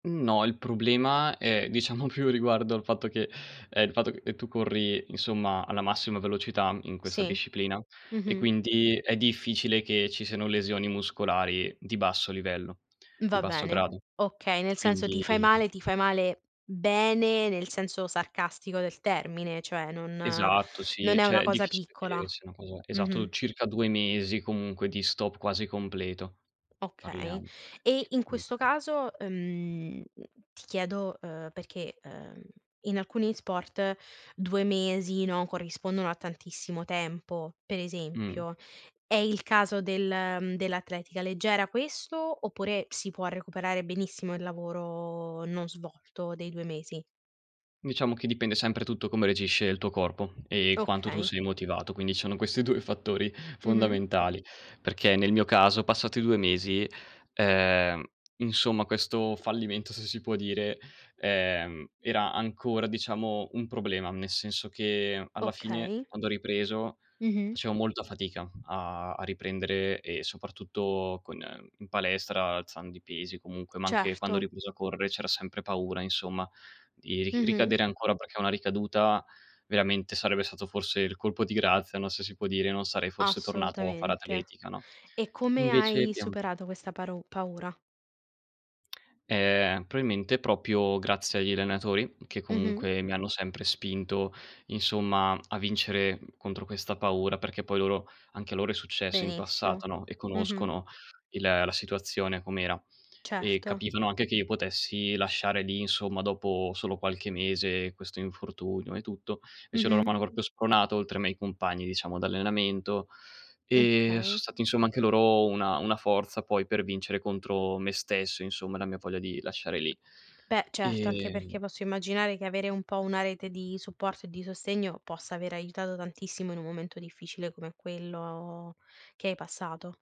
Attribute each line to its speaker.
Speaker 1: No, il problema è diciamo più riguardo al fatto che ehm, il fatto che, ehm, tu corri insomma alla massima velocità in questa
Speaker 2: Sì,
Speaker 1: disciplina e
Speaker 2: mh-mh.
Speaker 1: quindi è difficile che ci siano lesioni muscolari di basso livello, di
Speaker 2: Va
Speaker 1: basso
Speaker 2: bene,
Speaker 1: grado
Speaker 2: okay, nel senso ti
Speaker 1: quindi
Speaker 2: fai male ti fai male bene nel senso sarcastico del termine, cioè non
Speaker 1: Esatto sì,
Speaker 2: non è
Speaker 1: cioè
Speaker 2: una
Speaker 1: è
Speaker 2: cosa
Speaker 1: difficile
Speaker 2: piccola,
Speaker 1: che sia una cosa esatto,
Speaker 2: mh-mh.
Speaker 1: circa 2 mesi comunque di stop quasi completo
Speaker 2: Okay.
Speaker 1: parliamo
Speaker 2: E
Speaker 1: che
Speaker 2: in questo
Speaker 1: comunque
Speaker 2: caso, ehm, ti chiedo, ehm, perché, ehm, in alcuni sport 2, mesi no, corrispondono a tantissimo tempo. Per
Speaker 1: Mh.
Speaker 2: esempio, è il caso del, ehm, dell'atletica leggera questo oppure si può recuperare benissimo il lavoro non svolto dei 2 mesi?
Speaker 1: Diciamo che dipende sempre tutto come reagisce il tuo corpo, ehm, quanto tu
Speaker 2: Okay.
Speaker 1: sei motivato, quindi sono questi 2 i fattori
Speaker 2: Mh-mh.
Speaker 1: fondamentali. Perché nel mio caso passati 2 mesi, ehm, insomma questo fallimento, se si può dire, ehm, era ancora diciamo un problema, nel senso che alla fine
Speaker 2: Okay.
Speaker 1: quando ho ripreso
Speaker 2: Mh-mh.
Speaker 1: facevo molta fatica a a riprendere e soprattutto con ehm, in palestra, alzando i pesi comunque, ma anche quando ho
Speaker 2: Certo.
Speaker 1: ripreso a correre c'era sempre paura insomma di ri
Speaker 2: Mh-mh.
Speaker 1: ricadere ancora perché una ricaduta veramente sarebbe stato forse il colpo di grazia, no se si può dire, non sarei forse tornato a fare
Speaker 2: Assolutamente.
Speaker 1: atletica, no,
Speaker 2: E come
Speaker 1: invece
Speaker 2: hai
Speaker 1: piem
Speaker 2: superato questa paru paura?
Speaker 1: Ehm, probabilmente proprio grazie agli allenatori che
Speaker 2: Mh-mh.
Speaker 1: comunque mi hanno sempre spinto insomma a vincere contro questa paura, perché poi loro anche a loro è successo in
Speaker 2: Benissimo.
Speaker 1: passato, no e
Speaker 2: Mh-mh.
Speaker 1: conoscono il la situazione com'era. E
Speaker 2: Certo.
Speaker 1: capivano anche che io potessi lasciare lì insomma, dopo solo qualche mese questo infortunio e tutto. Invece loro
Speaker 2: Mh-mh.
Speaker 1: m'hanno proprio spronato, oltre ai miei compagni diciamo d'allenamento,
Speaker 2: Mh
Speaker 1: ehm, son
Speaker 2: okay.
Speaker 1: stati insomma anche loro una una forza poi per vincere contro me stesso insomma e la mia voglia di lasciare lì
Speaker 2: Beh, certo, anche perché
Speaker 1: ehm
Speaker 2: posso immaginare che avere un po' una rete di supporto e di sostegno possa aver aiutato tantissimo in un momento difficile come quello che hai passato.